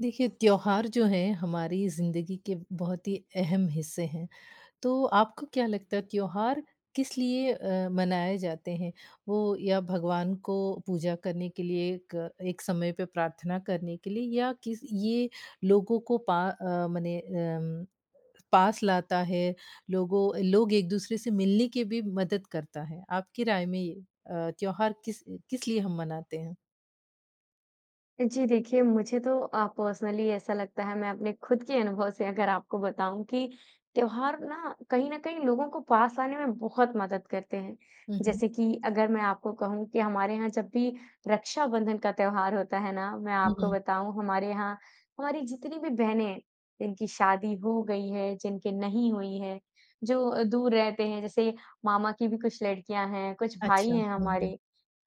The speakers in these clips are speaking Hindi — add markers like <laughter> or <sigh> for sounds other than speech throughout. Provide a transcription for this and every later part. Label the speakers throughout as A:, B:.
A: देखिए, त्योहार जो हैं हमारी ज़िंदगी के बहुत ही अहम हिस्से हैं। तो आपको क्या लगता है त्योहार किस लिए अ, मनाए जाते हैं? वो या भगवान को पूजा करने के लिए एक एक समय पे प्रार्थना करने के लिए या किस ये लोगों को पा अ, मने अम पास लाता है। लोगों लोग एक-दूसरे से मिलने की भी मदद करता है। आपकी राय में ये अ, त्योहार किस किस लिए हम मनाते हैं?
B: जी, देखिए मुझे तो अ, पर्सनली ऐसा लगता है, मैं अपने खुद के अनुभव से अगर आपको बताऊँ कि त्योहार ना कहीं न कहीं लोगों को पास लाने में बहुत मदद करते हैं।
A: हुँ, हुँ।
B: जैसे कि अगर मैं आपको कहूँ कि हमारे यहाँ जब भी रक्षाबंधन का त्योहार होता है ना। मैं
A: हुँ,
B: आपको
A: हुँ।
B: बताऊँ हमारे यहाँ हमारी जितनी भी बहनें हैं जिनकी शादी हो गई है, जिनके नहीं हुई है। जो अ, दूर रहते हैं जैसे मामा की भी कुछ लड़कियाँ हैं, कुछ भाई
A: अच्छा।
B: हैं
A: हुँ, हुँ।
B: हमारे।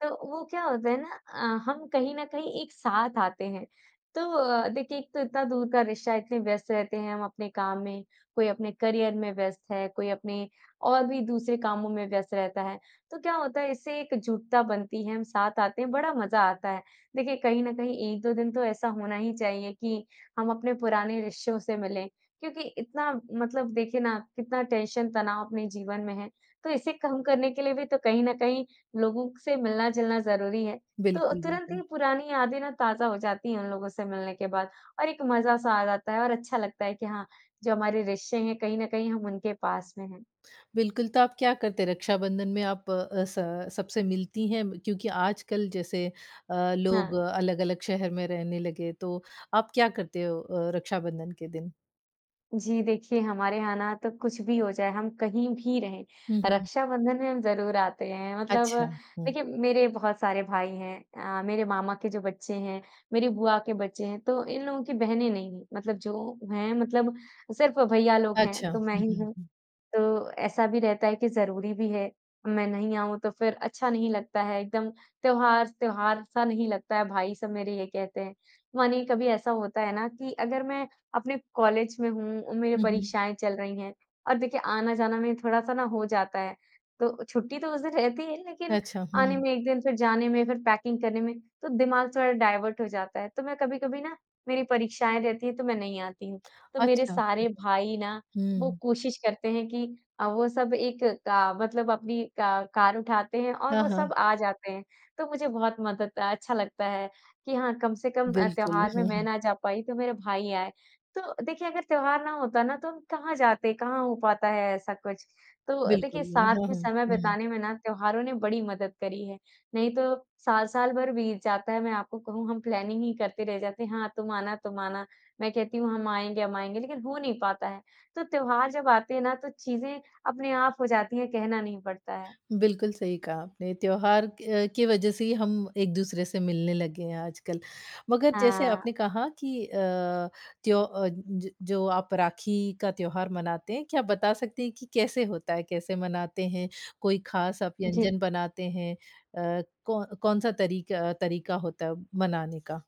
B: तो वो क्या होता है ना अ, हम कहीं न कहीं एक साथ आते हैं। तो अ, देखिए एक तो इतना दूर का रिश्ता इतने व्यस्त रहते हैं हम अपने काम में, कोई अपने करियर में व्यस्त है, कोई अपने और भी दूसरे कामों में व्यस्त रहता है। तो क्या होता है इससे एक जुड़ता बनती है, हम साथ आते हैं बड़ा मज़ा आता है। देखिए कहीं न कहीं 1-2 दिन तो ऐसा होना ही चाहिए कि हम अपने पुराने रिश्तों से मिलें। क्योंकि इतना मतलब देखिए ना कितना टेंशन तनाव अपने जीवन में है। तो इसे कम करने के लिए भी तो कहीं न कहीं लोगों से मिलना-जुलना ज़रूरी है। तो
A: बिल्कुल,
B: तुरंत ही
A: बिल्कुल।
B: पुरानी यादें ना ताज़ा हो जाती हैं उन लोगों से मिलने के बाद और एक मज़ा-सा आ जाता है और अच्छा लगता है कि हाँ जो हमारे रिश्ते हैं कहीं न कहीं हम उनके पास में हैं।
A: बिल्कुल, तो आप क्या करते हैं रक्षाबंधन में आप अ, स सबसे मिलती हैं क्योंकि आजकल जैसे अ, लोग
B: हाँ।
A: अलग-अलग शहर में रहने लगे। तो आप क्या करते हो अ, रक्षाबंधन के दिन?
B: जी, देखिए हमारे यहाँ ना तो कुछ भी हो जाए हम कहीं भी रहें,
A: हुँ, हुँ।
B: रक्षाबंधन में हम ज़रूर आते हैं। मतलब
A: अच्छा। हुँ।
B: देखिए मेरे बहुत सारे भाई हैं अ, मेरे मामा के जो बच्चे हैं, मेरी बुआ के बच्चे हैं तो इन लोगों की बहनें नहीं हैं मतलब जो हैं मतलब सिर्फ भैया लोग हैं
A: अच्छा।
B: तो मैं
A: हुँ,
B: ही
A: हुँ,
B: हूँ।
A: हुँ।
B: तो ऐसा भी रहता है कि ज़रूरी भी है। मैं नहीं आऊँ तो फ़िर अच्छा नहीं लगता है, एकदम त्योहार त्योहार-सा नहीं लगता है भाई सब मेरे ये कहते हैं। मानिए कभी ऐसा होता है ना कि अगर मैं अपने कॉलेज में हूँ उम, मेरी
A: हुँ, हुँ।
B: परीक्षाएँ चल रही हैं और देखिए आना-जाना में थोड़ा-सा ना हो जाता है। तो छुट्टी तो उस दिन रहती है लेकिन
A: अच्छा।
B: आने
A: हुँ।
B: में 1 दिन फ़िर जाने में फ़िर पैकिंग करने में तो दिमाग थोड़ा डायवर्ट हो जाता है। तो मैं कभी-कभी ना मेरी परीक्षाएँ रहती हैं तो मैं नहीं आती हूँ। तो मेरे
A: अच्छा।
B: सारे भाई ना वो
A: हुँ।
B: कोशिश करते हैं कि अ, वो सब एक अ, मतलब अपनी अ, कार उठाते हैं और
A: हाँ,
B: वो
A: हाँ।
B: सब आ जाते हैं। तो मुझे बहुत मदद अच्छा लगता है कि हाँ कम से कम अ,
A: बिल्कुल।
B: त्योहार में
A: हुँ,
B: मैं
A: हुँ।
B: ना जा पाई, तो मेरे भाई आए। तो देखिए अगर त्योहार ना होता ना तो वो कहाँ जाते हैं, कहाँ हो पाता है ऐसा कुछ। तो
A: बिल्कुल।
B: देखिए साथ
A: हुँ,
B: में
A: हुँ।
B: समय
A: हुँ।
B: बिताने में ना त्योहारों ने बड़ी मदद करी है। नहीं तो साल-साल भर बीत जाता है मैं आपको कहूँ हम प्लानिंग ही करते रह जाते हैं। हाँ तुम आना, तुम आना मैं कहती हूँ हम आएँगे, हम आएँगे लेकिन हो नहीं पाता है। तो त्योहार जब आते हैं ना तो चीज़ें अपने आप हो जाती हैं कहना नहीं पड़ता है।
A: बिल्कुल, सही कहा आपने। त्योहार अ, के वजह से ही हम एक-दूसरे से मिलने लगे हैं आजकल। मगर जैसे
B: हाँ।
A: आपने कहा कि अ, त्यो ज जो आप राखी का त्योहार मनाते हैं, क्या बता सकती हैं कि कैसे होता है, कैसे मनाते हैं, कोई खास आप
B: जी।
A: व्यंजन बनाते हैं? अ, कौ कौन-सा तरीक तरीका होता है मनाने का?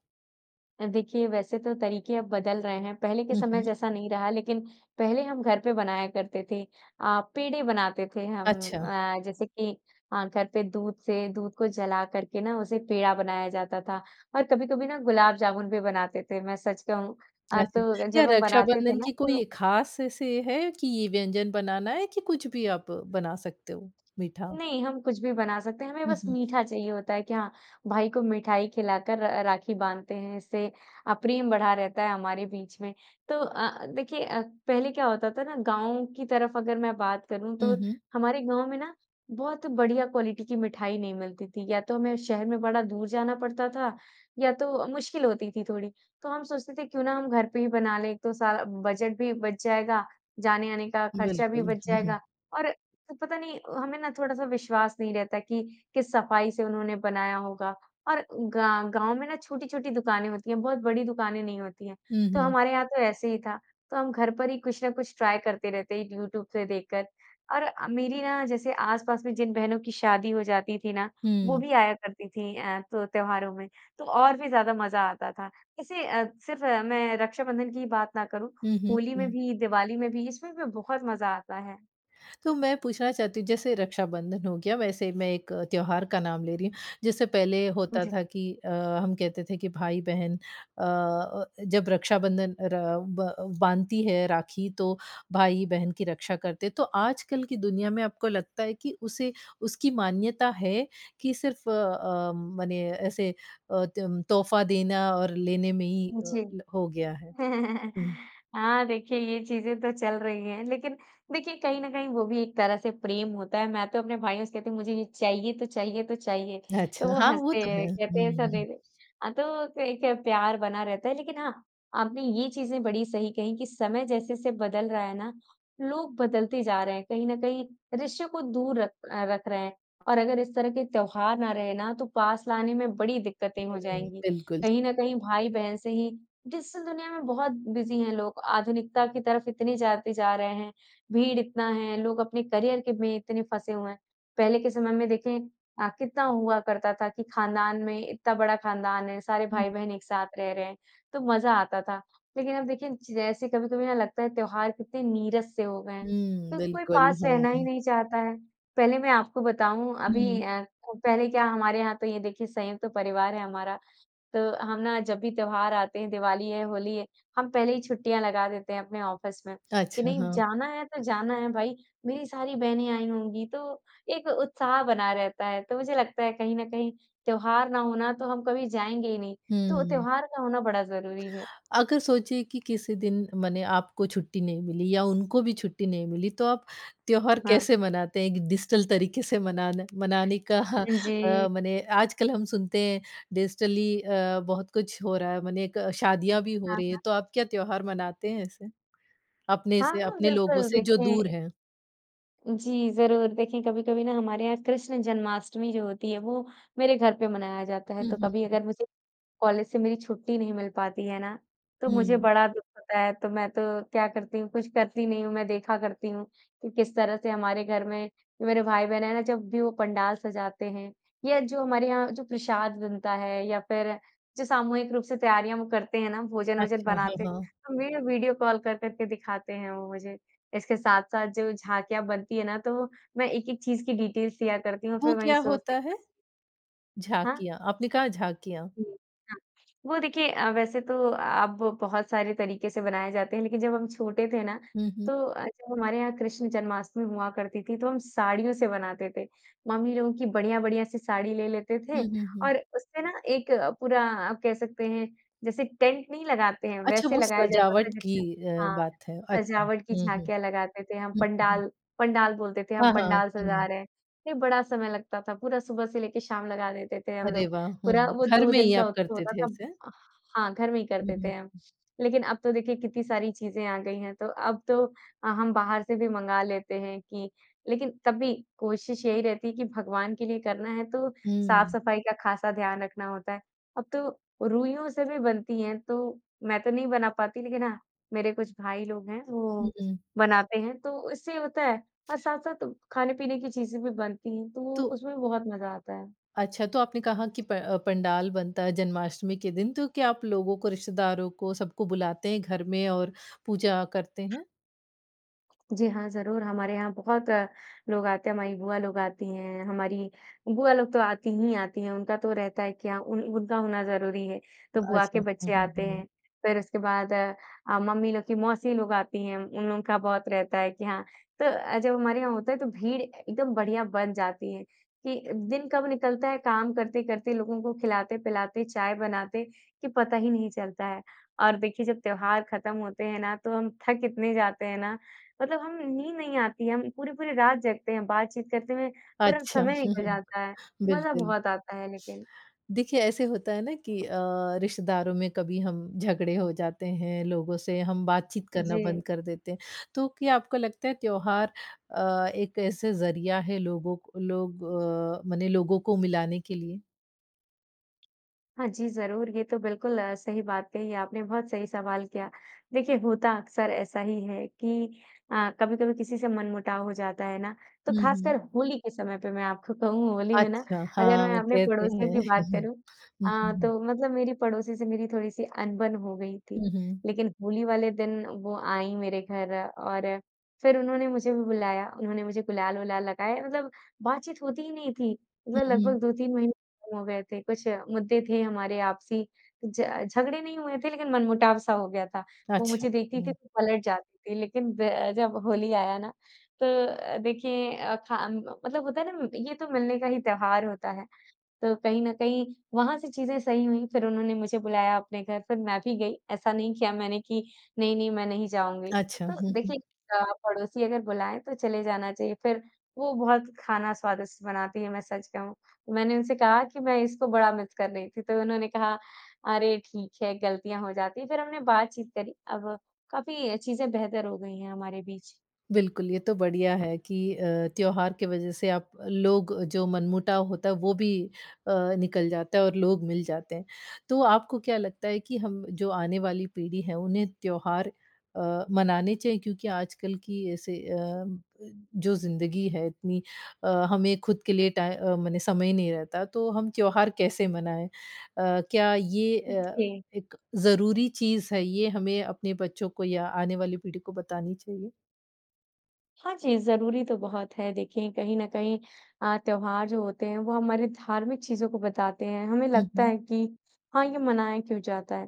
B: अ, देखिए वैसे तो तरीक़े अब बदल रहे हैं। पहले के
A: हुँ,
B: समय
A: हुँ।
B: जैसा नहीं रहा लेक़िन, पहले हम घर पे बनाया करते थे। अ, पेड़ें बनाते थे हम
A: अच्छा।
B: अ, जैसे कि अ, घर पे दूध से दूध को जला कर के ना उसे पेड़ा बनाया जाता था और कभी-कभी ना गुलाब जामुन भी बनाते थे। मैं सच कहूँ अ,
A: अच्छा।
B: तो
A: क्या
B: जब हम बनाते थे
A: रक्षाबंधन
B: ना
A: की
B: तो
A: कोई ख़ास ऐसे है कि ये व्यंजन बनाना है कि कुछ भी आप बना सकते हो मीठा?
B: नहीं, हम कुछ भी बना सकते हैं। हमें
A: हुँ,
B: बस
A: हुँ।
B: मीठा चाहिए होता है कि हाँ, भाई को मिठाई खिलाकर र राखी बाँधते हैं, इससे अ, प्रेम बढ़ा रहता है हमारे बीच में। तो अ, देखिए अ, पहले क्या होता था ना गाँव की तरफ़ अगर मैं बात करूँ
A: हुँ,
B: तो,
A: हुँ।
B: हमारे गाँव में ना बहुत बढ़िया क्वालिटी की मिठाई नहीं मिलती थी या तो हमें शहर में बड़ा दूर जाना पड़ता था या तो मुश्किल होती थी थोड़ी। तो हम सोचते थे क्यों ना हम घर पे ही बना लें एक तो सा बजट भी बच जाएगा, जाने-आने का ख़र्चा भी
A: बिल्कुल।
B: बच जाएगा,
A: <chuckles>
B: और तो पता नहीं अ, हमें ना थोड़ा-सा विश्वास नहीं रहता कि किस सफ़ाई से उन्होंने बनाया होगा और गा गाँव में ना छोटी-छोटी दुकानें होती हैं, बहुत बड़ी दुकानें नहीं होती हैं
A: हुँ,
B: तो
A: हुँ।
B: हमारे यहाँ तो ऐसे ही था। तो हम घर पर ही कुछ ना कुछ ट्राय करते रहते यूट्यूब से देखकर और अ, मेरी ना जैसे आस-पास में जिन बहनों की शादी हो जाती थी ना, वो
A: हुँ।
B: भी आया करती थी अ, तो त्योहारों में, तो और भी ज़्यादा मज़ा आता था। इसे अ, सिर्फ़ मैं रक्षाबंधन की बात ना करूँ,
A: हुँ, हुँ।
B: होली में
A: हुँ।
B: भी दिवाली में भी इसमें भी बहुत मज़ा आता है।
A: तो मैं पूछना चाहती हूँ, जैसे रक्षाबंधन हो गया वैसे मैं एक त्योहार का नाम ले रही हूँ। जैसे पहले
B: उम,
A: होता
B: जी।
A: था कि अ, हम कहते थे कि भाई-बहन अ अ, जब रक्षाबंधन र ब बाँधती है राखी तो, भाई-बहन की रक्षा करते तो आजकल की दुनिया में आपको लगता है कि उसे उसकी मान्यता है, कि सिर्फ अ अ, मने ऐसे अ, तम तोहफा देना और लेने में ही अ,
B: जी।
A: ल हो गया है?
B: <chuckles>
A: हुँ।
B: हाँ, देखिए ये चीज़ें तो चल रही हैं। लेकिन, देखिए कहीं न कहीं वो भी एक तरह से प्रेम होता है। मैं तो अपने भाइयों से कहती हूँ मुझे ये चाहिए, तो चाहिए, तो चाहिए। तो
A: अच्छा,
B: वो
A: हाँ, वो
B: हँसते
A: तो है।
B: हैं, कहते हैं
A: हुँ,
B: ऐसा दे
A: हुँ।
B: दे। हाँ, तो क एक है प्यार बना रहता है लेकिन हाँ, आपने ये चीज़ें बड़ी सही कहीं कि समय जैसे-जैसे बदल रहा है ना, लोग बदलते जा रहे हैं। कहीं न कहीं रिश्ते को दूर रख अ, रख रहे हैं, और अगर इस तरह के त्योहार ना रहे ना तो पास लाने में बड़ी दिक्कतें हो
A: हुँ,
B: जाएँगी।
A: बिल्कुल।
B: कहीं न कहीं भाई-बहन से ही डिजिटल दुनिया में बहुत बिज़ी हैं लोग। आधुनिकता की तरफ इतने जाते जा रहे हैं, भीड़ इतना है, लोग अपने करियर के में इतने फँसे हुए हैं। पहले के समय में देखें अ, कितना हुआ करता था कि खानदान में इतना बड़ा खानदान है, सारे
A: हुँ।
B: भाई-बहन एक साथ रह रहे हैं, तो मज़ा आता था। लेकिन अब देखें जैसे कभी-कभी ना लगता है त्योहार कितने नीरस से हो गए हैं,
A: हुँ,
B: क कोई
A: बिल्कुल,
B: पास रहना ही
A: हाँ।
B: नहीं चाहता है। पहले मैं आपको बताऊँ अभी
A: हुँ।
B: अ, को पहले क्या हमारे यहाँ तो ये देखिए संयुक्त तो परिवार है हमारा। तो हम ना जब भी त्योहार आते हैं, दिवाली है, होली है, हम पहले ही छुट्टियाँ लगा देते हैं अपने ऑफिस में, कि
A: अच्छा,
B: नहीं
A: हाँ।
B: जाना है तो जाना है भाई। मेरी सारी बहनें आई होंगी तो एक उत्साह बना रहता है, तो मुझे लगता है कहीं न कहीं त्योहार ना होना तो हम कभी जाएँगे ही नहीं। तो
A: हुँ।
B: त्योहार का होना बड़ा ज़रूरी है।
A: अगर सोचिए कि किसी दिन मने आपको छुट्टी नहीं मिली या उनको भी छुट्टी नहीं मिली, तो आप त्योहार
B: हाँ।
A: कैसे मनाते हैं, एक डिजिटल तरीके से मनाना मनाने का
B: हाँ जी।
A: अ, मने आजकल हम सुनते हैं डिजिटली अ, बहुत कुछ हो रहा है मने क शादियाँ भी हो
B: हाँ,
A: रही है
B: हाँ।
A: तो आप क्या त्योहार मनाते हैं ऐसे? अपने
B: हाँ,
A: से
B: हाँ,
A: अपने लोगों
B: बिल्कुल
A: से जो दूर
B: देखिए
A: हैं।
B: जी, ज़रूर। देखिए कभी-कभी ना हमारे यहाँ कृष्ण जन्माष्टमी जो होती है वो मेरे घर पे मनाया जाता है
A: हुँ,
B: तो
A: हुँ,
B: कभी
A: हुँ।
B: अगर मुझे, कॉलेज से मेरी छुट्टी नहीं मिल पाती है ना, तो मुझे
A: हुँ।
B: बड़ा दुःख होता है। तो मैं तो क्या करती हूँ, कुछ करती नहीं हूँ मैं देखा करती हूँ, कि किस तरह से हमारे घर में, मेरे भाई-बहन है ना जब भी वो पंडाल सजाते हैं। यह जो हमारे यहाँ जो प्रसाद बनता है या फिर, जो सामूहिक रूप से तैयारियाँ वो करते हैं ना भोजन-वोजन
A: अच्छा, हाँ,
B: बनाते
A: हाँ।
B: हैं। अ, मैं वीडियो कॉल कर कर के दिखाते हैं वो मुझे। इसके साथ-साथ जो झाँकियाँ बनती है ना तो मैं एक-एक चीज़ की डिटेल्स लिया करती हूँ
A: वो
B: फिर वही
A: क्या
B: सोचती
A: होता
B: <unintelligible>
A: है?
B: हाँ।
A: झाँकियाँ, आपने कहा झाँकियाँ?
B: हुँ, हाँ। वो देखिए अ, वैसे तो अब बहुत सारे तरीके से बनाए जाते हैं लेकिन जब हम छोटे थे ना,
A: हुँ, हुँ।
B: तो अ, जब हमारे यहाँ कृष्ण जन्माष्टमी हुआ करती थी तो हम साड़ियों से बनाते थे। मम्मी लोगों की बढ़िया-बढ़िया सी साड़ी ले लेते
A: हुँ,
B: थे
A: हुँ, हुँ।
B: और उससे ना एक अ, पूरा आप कह सकते हैं, जैसे टेंट नहीं लगाते हैं
A: अच्छा
B: वैसे
A: वो
B: लगाया जाता था
A: सजावट की
B: जिसमें
A: अ,
B: हाँ।
A: बात है। अच्छा।
B: सजावट की
A: हुँ, हुँ।
B: झाँकियाँ लगाते थे हम
A: हुँ, हुँ, हुँ।
B: पंडाल, पंडाल बोलते थे हम
A: हाँ, हाँ।
B: पंडाल सजा
A: हुँ।
B: रहे हैं। ए बड़ा समय लगता था पूरा सुबह से लेके शाम लगा देते थे हम
A: अरे
B: लोग,
A: वाह! हुँ।
B: पूरा वो
A: घर
B: 2
A: में
B: दिन
A: ही
B: का
A: आप
B: उत्सव
A: करते
B: होता
A: थे
B: था।
A: ऐसे?
B: अह हाँ, घर में ही
A: हुँ,
B: करते
A: हुँ।
B: थे हम, लेकिन अब तो देखिए कितनी सारी चीज़ें आ गई हैं तो अब तो अ, हम बाहर से भी मँगा लेते हैं कि लेकिन तब भी कोशिश यही रहती है कि भगवान के लिए करना है तो
A: हुँ।
B: साफ़-सफाई का ख़ासा ध्यान रखना होता है। अब तो रूइयों से भी बनती हैं तो मैं तो नहीं बना पाती लेकिन हाँ, मेरे कुछ भाई लोग हैं
A: हुँ,
B: वो,
A: हुँ।
B: बनाते हैं, तो उससे होता है अ, साथ-साथ खाने-पीने की चीज़ें भी बनती हैं तो वो
A: तो
B: उसमें बहुत मज़ा आता है।
A: अच्छा तो आपने कहा कि प अ, पंडाल बनता है जन्माष्टमी के दिन, तो क्या आप लोगों को, रिश्तेदारों को, सबको बुलाते हैं घर में और पूजा करते हैं?
B: जी हाँ, ज़रूर हमारे यहाँ बहुत लोग आते हैं। हमारी बुआ लोग आती हैं हमारी, बुआ लोग तो आती ही आती हैं उनका तो रहता है कि उन उनका होना ज़रूरी है, तो बुआ
A: अच्छा।
B: के
A: हुँ,
B: बच्चे
A: हुँ,
B: आते
A: हुँ।
B: हैं। फिर उसके बाद अ, मम्मी लोग की मौसी लोग आती हैं, उन लोग का बहुत रहता है कि हाँ, तो अ, जब हमारे यहाँ होता है तो भीड़ ए एकदम बढ़िया बढ़ जाती है कि दिन कब निकलता है काम करते-करते लोगों को खिलाते-पिलाते, चाय बनाते कि पता ही नहीं चलता है। और देखिए जब त्योहार खत्म होते हैं ना तो हम थक इतने जाते हैं ना मतलब हमें नींद नहीं आती हैं, हम पूरी-पूरी रात जगते हैं, बातचीत करते में पूरा
A: अच्छा।
B: समय
A: हुँ,
B: निकल
A: हुँ।
B: जाता है। मज़ा
A: बिल्कुल।
B: बहुत आता है लेकिन
A: देखिए ऐसे होता है ना कि अ, रिश्तेदारों में कभी हम झगड़े हो जाते हैं लोगों से हम बातचीत करना बंद
B: जी।
A: कर देते हैं। तो क्या आपको लगता है त्योहार अ, एक ऐसे ज़रिया है लोगों को लोग अ, मने लोगों को मिलाने के लिए?
B: हाँ जी, ज़रूर। ये तो बिल्कुल अ, सही बात कही आपने बहुत सही सवाल किया। देखिए होता अक्सर ऐसा ही है कि अ, कभी-कभी किसी से मनमुटाव हो जाता है ना तो
A: हुँ,
B: खासकर
A: हुँ।
B: होली के समय पे मैं आपको कहूँ होली में ना
A: अच्छा।
B: अगर मैं
A: हाँ,
B: आपने
A: कहते
B: पड़ोसियों
A: हैं
B: की बात
A: <chuckles> हुँ,
B: करूँ।
A: हुँ,
B: हाँ,
A: हुँ।
B: तो मतलब मेरी पड़ोसी से मेरी थोड़ी-सी अनबन हो गई थी।
A: हुँ, हुँ।
B: लेकिन होली वाले दिन वो आईं मेरे घर और फिर उन्होंने मुझे भी बुलाया। उन्होंने मुझे गुलाल-वुलाल लगाया। मतलब बातचीत होती ही नहीं थी।
A: हुँ,
B: मतलब
A: हुँ।
B: लगभग 2-3 महीने हो गए थे कुछ मुद्दे थे हमारे आपसी ज झगड़े नहीं हुए थे लेकिन मनमुटाव-सा हो गया था। वो
A: अच्छा।
B: मुझे देखती थी
A: हुँ।
B: तो पलट जाती थी लेकिन ब जब होली आया ना तो अ, देखिए अ, खाम मतलब होता है ना ये तो मिलने का ही त्योहार होता है। तो कहीं न कहीं वहाँ से चीज़ें सही हुईं फिर उन्होंने मुझे बुलाया अपने घर फिर मैं भी गई ऐसा नहीं किया मैंने कि नहीं-नहीं मैं नहीं जाऊँगी।
A: अच्छा।
B: तो
A: हुँ, हुँ।
B: देखिए अ, पड़ोसी अगर बुलाएँ तो चले जाना चाहिए फिर वो बहुत खाना स्वादिष्ट बनाती हैं, मैं सच कहूँ। मैंने उनसे कहा कि मैं इसको बड़ा मिस कर रही थी तो उन्होंने कहा अरे ठीक है गलतियाँ हो जाती हैं फिर हमने बातचीत करी अब काफ़ी चीजें बेहतर हो गई हैं हमारे बीच।
A: बिल्कुल, ये तो बढ़िया है कि अ, त्योहार के वजह से आप लोग जो मनमुटाव होता है वो भी अ, निकल जाता है और लोग मिल जाते हैं। तो आपको क्या लगता है कि हम जो आने वाली पीढ़ी है उन्हें त्योहार अ, मनाने चाहिए क्योंकि आजकल की ऐसे अ, जो ज़िंदगी है इतनी अ, हमें ख़ुद के लिए टाइ अ, मने समय नहीं रहता तो हम त्योहार कैसे मनाएँ? अ, क्या ये
B: उ,
A: अ,
B: जी।
A: एक ज़रूरी चीज़ है ये हमें अपने बच्चों को या आने वाली पीढ़ी को बतानी चाहिए?
B: हाँ जी, ज़रूरी तो बहुत है। देखिए कहीं न कहीं अ, त्योहार जो होते हैं वो हमारे धार्मिक चीज़ों को बताते हैं। हमें
A: हुँ,
B: लगता
A: हुँ।
B: है कि हाँ, ये मनाया क्यों जाता है?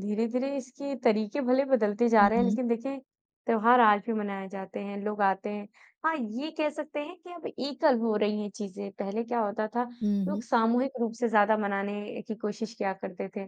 B: धीरे-धीरे इसके तरीक़े भले बदलते जा
A: हुँ,
B: रहे हैं
A: हुँ।
B: लेक़िन देखिए, त्योहार आज भी मनाए जाते हैं, लोग आते हैं। हाँ, ये कह सकते हैं कि अब एकल हो रही है चीज़ें। पहले क्या होता था,
A: हुँ,
B: लोग
A: हुँ।
B: सामूहिक रूप से ज़्यादा मनाने की कोशिश किया करते थे।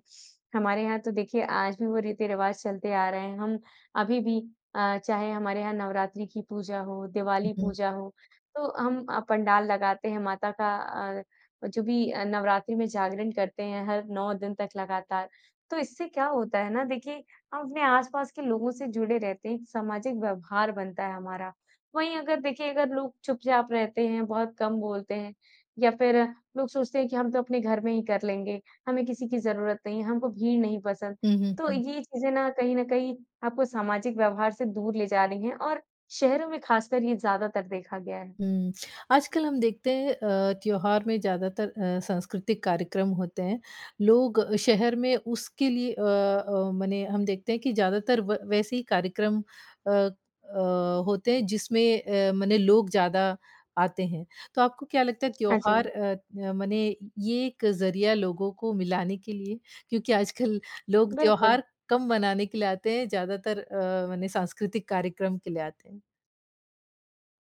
B: हमारे यहाँ तो देखिए आज भी वो रीति-रिवाज़ चलते आ रहे हैं। हम अभी भी अ, चाहे हमारे यहाँ नवरात्रि की पूजा हो,
A: हुँ,
B: दिवाली
A: हुँ।
B: पूजा हो, तो हम अ, पंडाल लगाते हैं माता का अ, अ, जो भी अ, नवरात्रि में जागरण करते हैं हर 9 दिन तक लगातार। तो इससे क्या होता है ना देखिए, हम अपने आस-पास के लोगों से जुड़े रहते हैं, एक सामाजिक व्यवहार बनता है हमारा। वहीं अगर देखिए अगर लोग चुपचाप रहते हैं, बहुत कम बोलते हैं या फ़िर लोग सोचते हैं कि हम तो अपने घर में ही कर लेंगे, हमें किसी की ज़रूरत नहीं है, हमको भीड़ नहीं पसंद,
A: हुँ, हुँ,
B: तो
A: हुँ।
B: ये चीज़ें ना कहीं न कहीं आपको सामाजिक व्यवहार से दूर ले जा रही हैं और शहरों में ख़ासकर ये ज़्यादातर देखा गया है।
A: हुँ। <smacks lips> आजकल हम देखते हैं अ, त्योहार में ज़्यादातर अ, सांस्कृतिक कार्यक्रम होते हैं। लोग शहर में उसके लिए अ अ, मने हम देखते हैं कि ज़्यादातर व वैसे ही कार्यक्रम अ अ, होते हैं जिसमें अ, मने लोग ज़्यादा आते हैं। तो आपको क्या लगता है
B: हाँ
A: त्योहार
B: जी।
A: अ अ, मने ये एक ज़रिया लोगों को मिलाने के लिए? क्योंकि आजकल लोग
B: बिल्कुल।
A: त्योहार कम मनाने के लिए आते हैं ज़्यादातर अ, मने सांस्कृतिक कार्यक्रम के लिए आते हैं।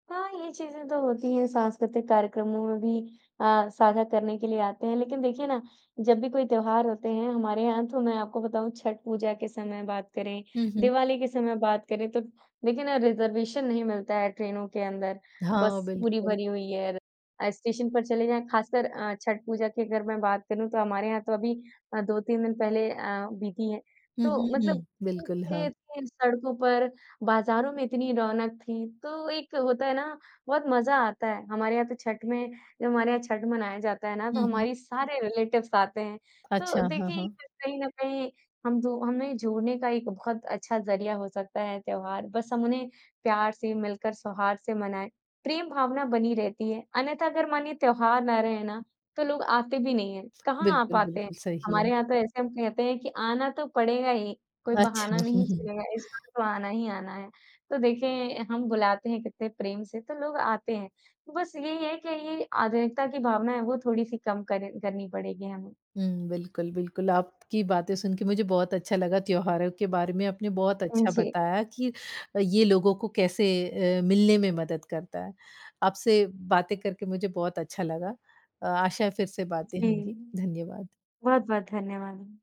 B: हाँ, ये चीज़ें तो होती हैं संस्कृतिक कार्यक्रमों में भी अ, स्वागत करने के लिए आते हैं लेकिन देखिए ना, जब भी कोई त्योहार होते हैं, हमारे यहाँ तो मैं आपको बताऊँ छठ पूजा के समय बात करें,
A: हुँ, हुँ।
B: दिवाली के समय बात करें, तो देखिए ना रिज़र्वेशन नहीं मिलता है ट्रेनों के अंदर,
A: हाँ,
B: बस पूरी
A: बिल्कुल।
B: भरी हुई और अ, स्टेशन पर चले जाएँ खासकर अ, छठ पूजा की अगर मैं बात करूँ तो हमारे यहाँ तो अभी अ, 2-3 दिन पहले अ, बीती है
A: हुँ,
B: तो
A: हुँ,
B: मतलब
A: हुँ, बिल्कुल,
B: इतनी भीड़
A: हाँ।
B: रहती है सड़कों पर बाज़ारों में इतनी रौनक थी, तो एक होता है ना, बहुत मज़ा आता है हमारे यहाँ तो छठ में जब हमारे यहाँ छठ मनाया जाता है ना, तो
A: हुँ, हुँ।
B: हमारी सारे रिलेटिव्स आते हैं। तो
A: अच्छा, हाँ,
B: देखिए,
A: हाँ।
B: कहीं न कहीं हम दो हमें जोड़ने का एक बहुत अच्छा ज़रिया हो सकता है ये त्योहार, बस हम उन्हें प्यार से मिलकर स्वाहार से मनाएँ, प्रेम भावना बनी रहती है अन्यथा अगर मानिए त्योहार ना रहे ना, तो लोग आते भी नहीं हैं कहाँ आप
A: बिल्कुल,
B: आते हैं।
A: बिल्कुल, सही
B: हमारे
A: है।
B: यहाँ तो ऐसे हम कहते हैं कि आना तो पड़ेगा ही, कोई बहाना
A: अच्छा। हुँ,
B: नहीं
A: हुँ।
B: चलेगा इस बार तो आना ही आना है, तो देखिए हम बुलाते हैं कितने प्रेम से तो लोग आते हैं बस यही है कि ये आधुनिकता की भावना है वो थोड़ी-सी कम कर करनी करनी पड़ेगी हमें।
A: हुँ, बिल्कुल, बिल्कुल, आपकी बातें सुन के मुझे बहुत अच्छा लगा त्योहारों के बारे में आपने बहुत
B: उम,
A: अच्छा
B: जी।
A: बताया कि ये लोगों को कैसे अ, मिलने में मदद करता है। आपसे बातें करके मुझे बहुत अच्छा लगा अ, आशा है फिर से बातें
B: जी,
A: होंगी, धन्यवाद।
B: बहुत-बहुत धन्यवाद।